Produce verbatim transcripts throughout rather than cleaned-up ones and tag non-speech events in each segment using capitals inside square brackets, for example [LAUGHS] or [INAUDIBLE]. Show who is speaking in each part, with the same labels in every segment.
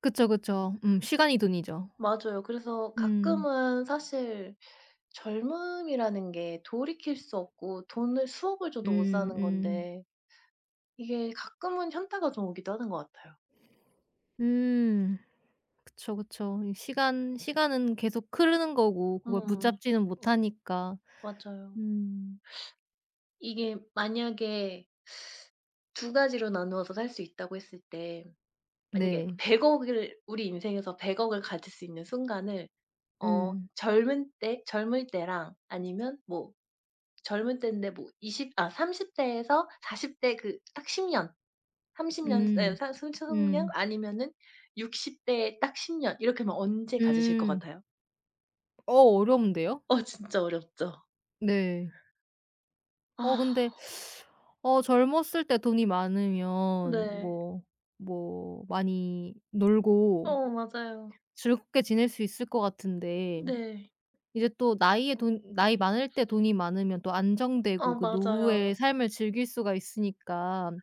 Speaker 1: 그쵸. 그쵸. 음 시간이 돈이죠.
Speaker 2: 맞아요. 그래서
Speaker 1: 음.
Speaker 2: 가끔은 사실 젊음이라는 게 돌이킬 수 없고 돈을 수억을 줘도 못
Speaker 1: 음
Speaker 2: 사는
Speaker 1: 음.
Speaker 2: 건데 이게 가끔은 현타가 좀 오기도 하는 것 같아요.
Speaker 1: 음. 그쵸, 그쵸. 이 시간 시간은 계속 흐르는 거고 그걸
Speaker 2: 음.
Speaker 1: 붙잡지는 못하니까.
Speaker 2: 맞아요.
Speaker 1: 음.
Speaker 2: 이게 만약에 두 가지로 나누어서 살 수 있다고 했을 때 만약에
Speaker 1: 네.
Speaker 2: 백억 을 우리 인생에서 백억 을 가질 수 있는 순간을 어
Speaker 1: 음.
Speaker 2: 젊은 때 젊을 때랑 아니면 뭐 젊은 땐데 뭐 이십 아 삼십 대에서 사십 대 그 딱 십 년, 삼십 년 네
Speaker 1: 음.
Speaker 2: [UNINTELLIGIBLE]
Speaker 1: 음.
Speaker 2: 아니면은 육십 대 딱 십 년, 이렇게 하면 언제 가지실 것
Speaker 1: 음.
Speaker 2: 같아요?
Speaker 1: 어 어려운데요?
Speaker 2: 어 진짜 어렵죠.
Speaker 1: 네. 어 근데
Speaker 2: 아.
Speaker 1: 어 젊었을 때 돈이 많으면
Speaker 2: 네.
Speaker 1: 뭐 뭐 많이 놀고
Speaker 2: 어 맞아요.
Speaker 1: 즐겁게 지낼 수 있을 것 같은데
Speaker 2: 네.
Speaker 1: 이제 또 나이에 돈 나이 많을 때 돈이 많으면 또
Speaker 2: 아
Speaker 1: 안정되고 그 노후의
Speaker 2: 맞아요.
Speaker 1: 삶을 즐길 수가 있으니깐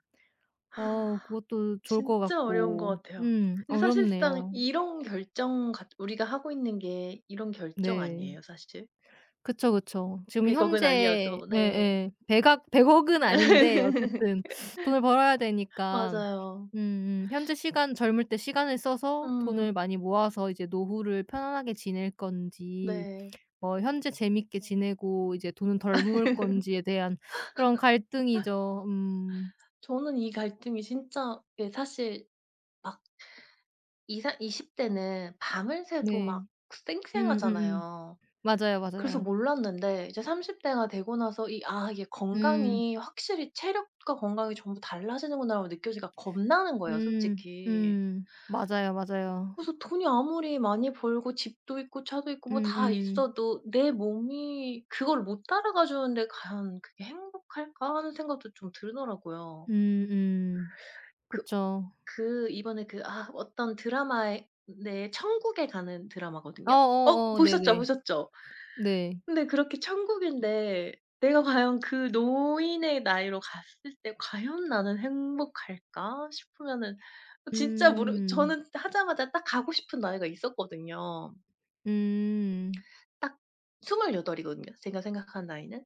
Speaker 1: 어
Speaker 2: [INHALES]
Speaker 1: 그것도 좋을 것
Speaker 2: 진짜 어려운 것
Speaker 1: 같고.
Speaker 2: 같아요.
Speaker 1: 음
Speaker 2: 근데 사실상
Speaker 1: 어렵네요.
Speaker 2: 이런 결정 같 우리가 하고 있는 게 이런 결정
Speaker 1: 네. 그쵸. 그쵸.
Speaker 2: 아니에요 사실?
Speaker 1: 지금
Speaker 2: 백억 은
Speaker 1: 현재
Speaker 2: 아니어도. 네.
Speaker 1: 네예. 백악 백억 은 아닌데
Speaker 2: [LAUGHS]
Speaker 1: 어쨌든 돈을 벌어야 되니까
Speaker 2: 맞아요.
Speaker 1: 음음 현재 시간 젊을 때 시간을 써서
Speaker 2: 음.
Speaker 1: 돈을 많이 모아서 이제 노후를 편안하게 지낼 건지
Speaker 2: 네.
Speaker 1: 뭐 현재 재밌게 지내고 이제 돈은 덜 모을
Speaker 2: [LAUGHS]
Speaker 1: 건지에 대한 그런 갈등이죠. 음.
Speaker 2: 저는 이 갈등이 진짜 예 사실 막 이 사 이십 대는 밤을 새도
Speaker 1: 네.
Speaker 2: 막
Speaker 1: 음음음.
Speaker 2: 쌩쌩하잖아요.
Speaker 1: 맞아요,
Speaker 2: 그래서
Speaker 1: 맞아요.
Speaker 2: 몰랐는데 이제 삼십 대가 되고 나서 이 '아 이게
Speaker 1: 음.
Speaker 2: 건강이 확실히 체력과 건강이 전부 달라지는구나'라고 느껴지니까 겁나는 거예요.
Speaker 1: 음.
Speaker 2: 솔직히.
Speaker 1: 음. 맞아요, 맞아요.
Speaker 2: 그래서 '돈이 아무리 많이 벌고 집도 있고 차도 있고 뭐 다
Speaker 1: 음음.
Speaker 2: 있어도 내 몸이 그걸 못 따라가 주는데 과연 그게 행복할까' 하는 생각도 좀 들더라고요.
Speaker 1: 음음.
Speaker 2: 그
Speaker 1: 그쵸.
Speaker 2: 그 이번에 그 아 어떤 드라마에 네 천국에 가는
Speaker 1: 아
Speaker 2: 드라마거든요. 어
Speaker 1: 어 어.
Speaker 2: 보셨죠,
Speaker 1: 네네.
Speaker 2: 보셨죠?
Speaker 1: 네.
Speaker 2: 근데 그렇게 천국인데 내가 과연 '그 노인의 나이로 갔을 때 과연 나는 행복할까' 싶으면은 진짜 모르
Speaker 1: 음.
Speaker 2: 저는 하자마자 딱 가고 싶은 나이가 있었거든요.
Speaker 1: 음.
Speaker 2: 딱 스물여덟 이거든요, 제가 생각한 나이는.